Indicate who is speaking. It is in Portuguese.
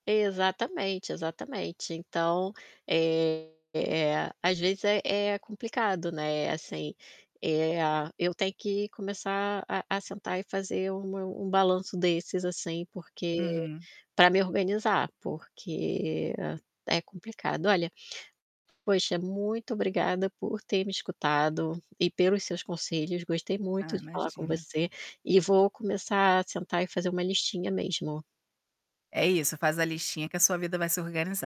Speaker 1: Exatamente, exatamente. Então, eh, às vezes é é complicado, né, assim, eh, a eu tenho que começar a a sentar e fazer um meu um balanço desses, assim porque
Speaker 2: Uhum.
Speaker 1: pra me organizar, porque é complicado. Olha, poxa muito obrigada por ter me escutado, e pelos seus conselhos gostei muito
Speaker 2: Ah,
Speaker 1: de falar com
Speaker 2: imagina.
Speaker 1: você, e vou começar a sentar e fazer uma listinha mesmo.
Speaker 2: É isso. Faz a listinha, que a sua vida vai se organizar.